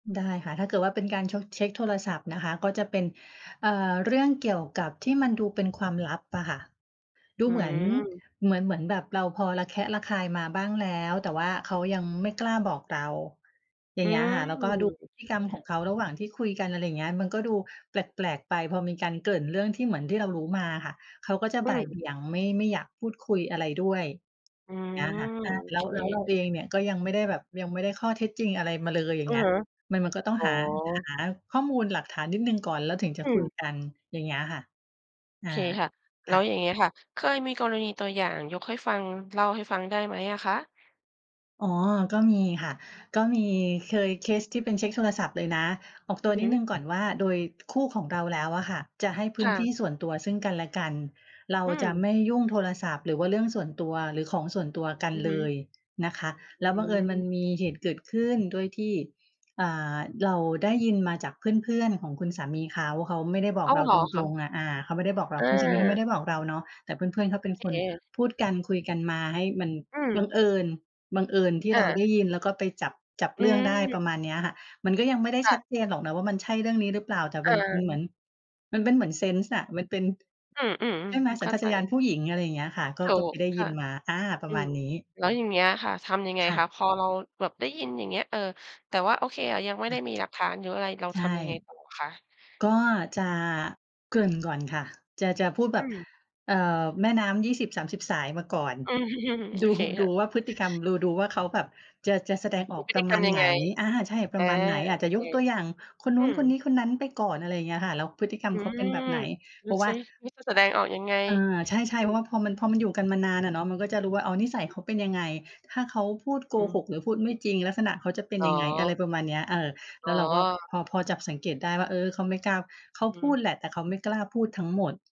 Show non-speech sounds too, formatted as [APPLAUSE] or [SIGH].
ได้ค่ะ ถ้าเกิดว่าเป็นการชก เช็กโทรศัพท์นะคะ ก็จะเป็น เอ่อ เรื่องเกี่ยวกับที่มันดูเป็นความลับอะค่ะ ดูอืเหมือน ม เหมือน เหมือนแบบเราพอระแคะระคายมาบ้างแล้ว แต่ว่าเขายังไม่กล้าบอกเรา อย่อาืงเงี้ยม ค่ะ แล้วก็ดูพฤติกรครม่ขอะ งเขาระหว่างที่คุยกัน อะไรอย่างเงี้ย มันก็ดูแปลก ๆ ไป พอมีการเกริ่นเรื่องที่เหมือนที่เรารู้มาอะค่ะ เขาก็จะอืบ่ายเม บี่ยงไม่ ไม่อยากพูดคุยอะไรด้วยอืแบบเนี่ยอะค่ะ ม โอแลเ้ค ว แล้ว แล้วเราเองเนี่ยก็ยังไม่ได้แบบ ยังไม่ได้ข้อเท็จจริงอะไรมาเลย อย่าองืเงอี้ย ฮึ มัน มันก็ต้องอ๋อ หา หาข้อมูลหลักฐานนิดหนึ่งก่อน แล้วถึงจอะืคุยม กัน อย่างเงี้ยค่ะ อา เคค่ะ แลค้่วะ อย่างเงี้ยค่ะ เคยมีกรณีตัวอย่างยกให้ฟัง เล่าให้ฟังได้ไหมอะคะ? อ๋อ ก็มีค่ะ ก็มี เคยเคสที่เป็นเช็กโทรศัพท์เลยนะ ออกตอัืวอนฮิดหนึึ ่งก่อนว่า โดยคู่ของเราแล้วอะค่ะ จะให้พคื้น่ทะ ี่ส่วนตัวซึ่งกันและกัน เราอืจะม ไม่ยุ่งโทรศัพท์ หรือว่าเรื่องส่วนตัว หรือของส่วนตัวกันอือฮเลึ ยนะคะ อืแล้วบังเอิญมันม มีเหตุเกิดขึ้นด้วยที่ อ่า เราได้ยินมาจากเพื่อน ๆ ของคุณสามีเขา เขาไม่ได้บออก้าเว! ราเหรตอคะ? รง ๆ อะ อา เขาไม่ได้บอกเรา คุณสามีเขาไมอ่า ได้บอกเราเนาะ แต่เพื่อน ๆ เขาโเอป็นเคนค พูดกันคุยกันมาให้มันอืบม ังเอิญ บังเอิญที่อเราไา ด้ยิน แล้วก็ไปจับ จับอเรื่องได้ ืม ประมาณเนี้ยอะค่ะ มันก็ยังไม่ได้คช่ัดะ เจนหรอกนะ ว่ามันใช่เรื่องนี้หรือเปล่า? แต่เมันเหมออ ือน มันเป็นเหมือนเซนส์อะ มันเป็น อือ ใช่ไหม? ๆ สเัข้ญาชาใจ ตญาณผู้หญิง อะไรอย่างเงี้ยค่ะ ก็ ถูก็ไปกได้คย่ิะ นมา อา ปรอะืมาม ณนี้ แล้วอย่างเงี้ยค่ะ ทำยังไงค่คะ? ะ พอเราแบบได้ยินอย่างเงี้ย เออ แต่ว่าโอเคอะ ยังไม่คได่้ะ มีหลักฐานหรืออะไร เราใชท่ ำยังไงต่อคะ? ก็จะเกริ่นก่อนค่ะ จะ จะพูดแบอบ ืม เอ่อ แม่น้ำ 20-30 สายมาก่อน อืม [CHUCKLES] โดอู เคคดู่ะ ว่าพฤติกรรม ดู ดูว่าเขาแบบจะ จะแสดงอมีอกพฤปรติะกมรราณมยัไงหน? ไง? อา ใช่ ปรอะา มาณไหน? อาจโอจะเค ยกตัวอย่างคนนอืู้นม คนนี้คนนั้นไปก่อน อะไรอย่างเงี้ยค่ะ แล้วพฤติกรรอมืเขาเป็นแบม บไหน? ดเูพราะวซ่า ิ นี่จะแสดงออกยังไง? อ อา ใชอ่ ืๆ เพราม ะว่าพอมัน พอมันอยู่กันมานานอะเนาะ มันก็จะรู้ว่า อ๋อ นิสัยอืเอ ขาเป็นยังไง ถ้าเขาพูดโกอืหม กหรือพูดไม่จริง ลักษณะเขาจะเป็นอ๋ยอ ังไง อะไรประมาณเนี้ย เออ แอล๋้วเราก็อ พอ พอจับสังเกตได้ว่า เออ เขาไม่กล้า เขาอืพูดม แหละแต่เขาไม่กล้าพูดทั้งหมด